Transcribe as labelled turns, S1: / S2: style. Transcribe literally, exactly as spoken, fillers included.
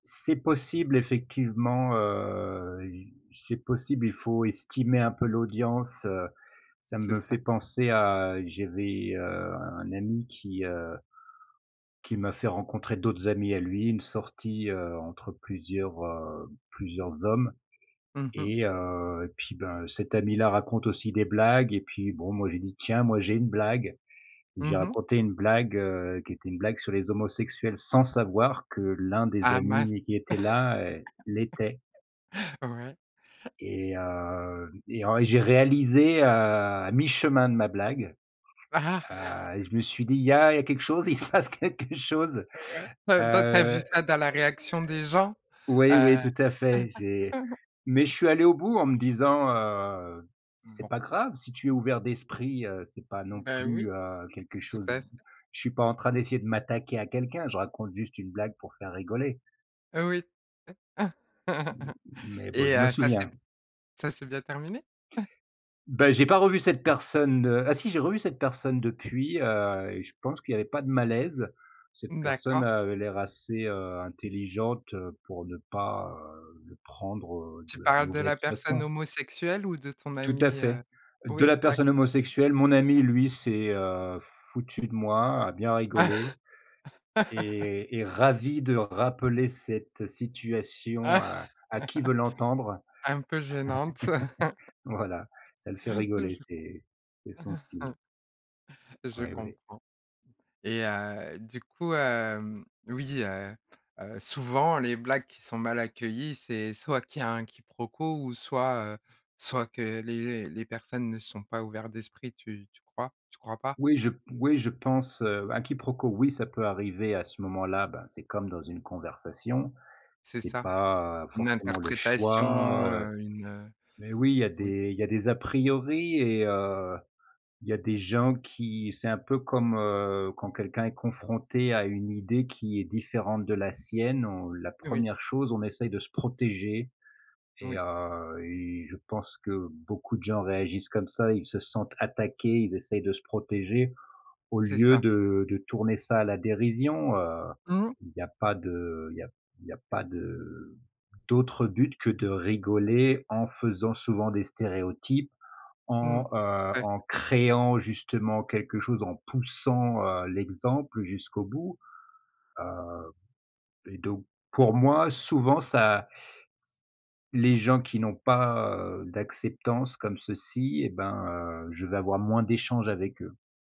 S1: C'est possible effectivement, heu, i c'est possible, il faut estimer un peu l'audience, heu ça
S2: C'est
S1: me fait
S2: ça.
S1: penser à j'avais, heu, un ami qui, heu qui m'a fait rencontrer d'autres amis à lui. Une sortie, heu, entre plusieurs, heu, plusieurs hommes.
S2: Mmh mh.
S1: Et heu, et puis ben, cet ami là raconte aussi des blagues, et puis bon, moi j'ai dit: «Tiens moi j'ai une blague» et j'ai
S2: Mmh mh.
S1: raconté une blague, heu, qui était une blague sur les homosexuels sans savoir que l'un des
S2: Ah mince!
S1: amis qui était là, heu, l'était.
S2: Ouais.
S1: Et hem et en et j'ai réalisé, heu, à mi-chemin de ma blague, heu et je me suis dit: «Il y a il y a quelque chose, il se passe quelque chose»
S2: Ouais. Heu, dans tu as vu
S1: heu
S2: ça dans la réaction des gens?
S1: Oui, oui
S2: Heu
S1: tout à fait, j'ai mais je suis allé au bout en me disant: «Heu, c'est
S2: Bon.
S1: pas grave si tu es ouvert d'esprit, heu, c'est pas non
S2: Beh, oui,
S1: plus, heu, quelque
S2: tout
S1: chose»
S2: à fait.
S1: Je suis pas en train d'essayer de m'attaquer à quelqu'un, je raconte juste une blague pour faire rigoler.»
S2: Oui.
S1: Mmh, mais bon
S2: Et
S1: je me
S2: heu, ça s'est
S1: souviens.
S2: b ça s'est bien terminé?
S1: Beh, j'ai pas revu cette personne, heu ah si j'ai revu cette personne depuis, heu, et je pense qu'il y avait pas de malaise. Cette personne
S2: D'accord.
S1: avait l'air assez, heu, intelligente, heu, pour ne pas, heu, le prendre, heu,
S2: Tu
S1: de la
S2: parles de la
S1: mauvaise
S2: personne
S1: façon.
S2: homosexuelle ou de ton
S1: Tout à
S2: ami,
S1: fait.
S2: heu?
S1: De
S2: Oui,
S1: la
S2: d'acc
S1: personne homosexuelle, mon ami lui s'est, heu, foutu de moi, a bien rigolé et est ravi de rappeler cette situation à à qui veut l'entendre.
S2: Un peu gênante.
S1: Voilà, ça le fait rigoler c'est
S2: [unintelligible]
S1: c'est son style.
S2: Je
S1: Oui, oui.
S2: comprends. Et heu, du coup, hem, oui, heu heu, souvent les blagues qui sont mal accueillies, c'est soit qu'il y a un quiproquo ou soit, heu, soit que les les personnes ne sont pas ouverts d'esprit. Tu tu crois? Tu crois pas?
S1: Oui je p oui je pense, heu, un quiproquo oui ça peut arriver, à ce moment-là, ben, c'est comme dans une conversation.
S2: C'est
S1: C'est
S2: ça.
S1: pas
S2: Une
S1: forcément le
S2: interprétation,
S1: choix, heu,
S2: heu, une, heu,
S1: mais oui, il y a
S2: oui.
S1: des il y a des a priori et heu, il y a des gens qui c'est un peu comme, heu, quand quelqu'un est confronté à une idée qui est différente de la sienne on la
S2: Oui.
S1: première chose on essaye de se protéger. Et
S2: Oui.
S1: heu et je pense que beaucoup de gens réagissent comme ça, ils se sentent attaqués, ils essayent de se protéger au
S2: C'est
S1: lieu
S2: ça.
S1: de de tourner ça à la dérision, heu.
S2: Mmh.
S1: Il y a pas de il y a il y a pas de d'autre but que de rigoler en faisant souvent des stéréotypes
S2: Mmh.
S1: en, heu,
S2: Tout à
S1: en
S2: fait.
S1: créant justement quelque chose, en poussant, heu, l'exemple jusqu'au bout. Heu et donc pour moi, souvent ça s les gens qui n'ont pas, heu, d' acceptance comme ceci et ben, heu, je vais avoir moins d'échanges avec eux.